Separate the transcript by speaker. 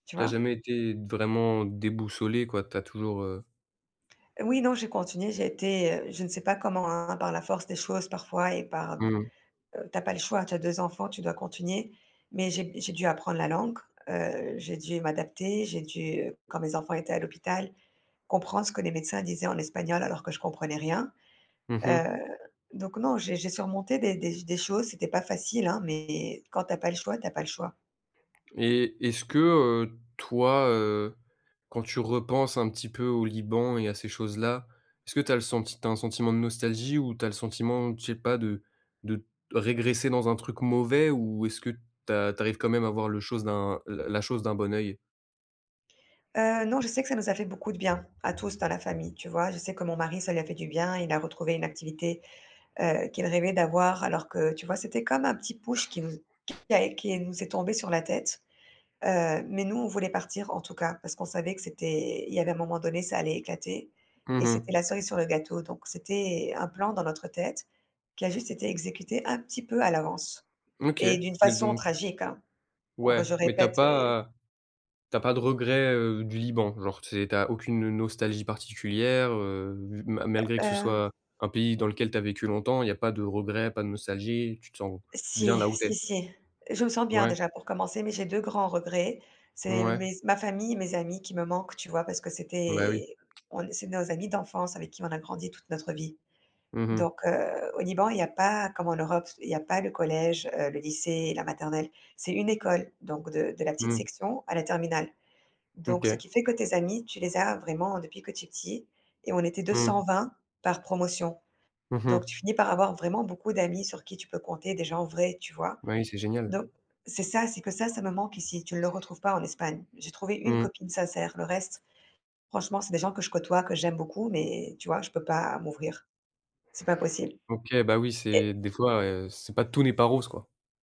Speaker 1: Tu
Speaker 2: Tu as
Speaker 1: vois?
Speaker 2: jamais été, vraiment, déboussolée, quoi? Tu as toujours, heu
Speaker 1: Oui, non, j'ai continué, j'étais, heu je ne sais pas comment, hein, par la force des choses parfois et par,
Speaker 2: Mmh mh.
Speaker 1: heu tu as pas le choix, tu as 2 enfants, tu dois continuer. Mais j'ai j'ai dû apprendre la langue, heu, j'ai dû m'adapter, j'ai dû, quand mes enfants étaient à l'hôpital, comprendre ce que les médecins disaient en espagnol, alors que je comprenais rien.
Speaker 2: Mmh mh.
Speaker 1: Heu, donc non, j'ai j'ai surmonté des des des choses, c'était pas facile, hein. Mais, quand tu as pas le choix, tu as pas le choix.
Speaker 2: Et est-ce que, heu, toi, heu, quand tu repenses un petit peu au Liban et à ces choses-là, est-ce que tu as le senti tu as un sentiment de nostalgie? Ou, tu as le sentiment, je sais pas de de régresser dans un truc mauvais? Ou, est-ce que, tu as tu arrives quand même à voir le chose d'un la la chose d'un bon œil?
Speaker 1: Heu, non, je sais que ça nous a fait beaucoup de bien, à tous dans la famille, tu vois, je sais que mon mari, ça lui a fait du bien. Il a retrouvé une activité, heu, qu'il rêvait d'avoir, alors que, tu vois c'était comme un petit push qui nous qui est qui nous est tombé sur la tête, heu, mais nous, on voulait partir, en tout cas. Parce qu'on savait que c'était il y avait un moment donné, ça allait éclater
Speaker 2: Mmh
Speaker 1: et c'était
Speaker 2: mh.
Speaker 1: la cerise sur le gâteau. Donc c'était, un plan dans notre tête, qui a juste été exécuté, un petit peu à l'avance
Speaker 2: OK.
Speaker 1: et d'une
Speaker 2: Mais
Speaker 1: façon
Speaker 2: don
Speaker 1: tragique hein, on re
Speaker 2: Ouais,
Speaker 1: je
Speaker 2: mais tu as
Speaker 1: répète et
Speaker 2: pas, heu tu as pas de regrets, heu, du Liban? Genre, tu sais, tu as aucune nostalgie particulière, heu, ma malgré
Speaker 1: Heu
Speaker 2: que ce
Speaker 1: heu
Speaker 2: soit, un pays dans lequel tu as vécu longtemps, il y a pas de regrets? Pas de nostalgie? Tu te sens bien
Speaker 1: Si,
Speaker 2: là où tu
Speaker 1: si,
Speaker 2: es?
Speaker 1: si. Je me sens bien,
Speaker 2: Ouais.
Speaker 1: déjà pour commencer mais j'ai 2 grands regrets, c'est
Speaker 2: Ouais.
Speaker 1: mes ma famille, mes amis qui me manquent, tu vois? Parce que
Speaker 2: Bah, oui.
Speaker 1: c'était on c'est nos amis d'enfance, avec qui on a grandi toute notre vie.
Speaker 2: Mmh mh.
Speaker 1: Donc heu, au Liban, il y a pas, comme en Europe il y a pas le collège, heu, le lycée, la maternelle, c'est une école donc de de la petite
Speaker 2: Mmh.
Speaker 1: section, à la terminale. Donc, ce
Speaker 2: OK.
Speaker 1: qui fait que tes amis, tu les as, vraiment, depuis que tu es petit et on était deux
Speaker 2: Mmh.
Speaker 1: cent vingt par promotion.
Speaker 2: Mmh
Speaker 1: Donc, tu
Speaker 2: mh.
Speaker 1: finis par avoir vraiment, beaucoup d'amis sur qui tu peux compter, des gens vrais, tu vois?
Speaker 2: Bah oui, c'est génial.
Speaker 1: Donc c'est ça, c'est que ça, ça me manque ici, tu le retrouves pas en Espagne. J'ai trouvé une
Speaker 2: Mmh.
Speaker 1: copine sincère, le reste franchement, c'est des gens que je côtoie, que j'aime beaucoup mais, tu vois, je peux pas, m'ouvrir c'est pas possible,
Speaker 2: OK. Bah oui, c'est
Speaker 1: et
Speaker 2: des fois, heu, c'est pas tout n'est pas rose, quoi.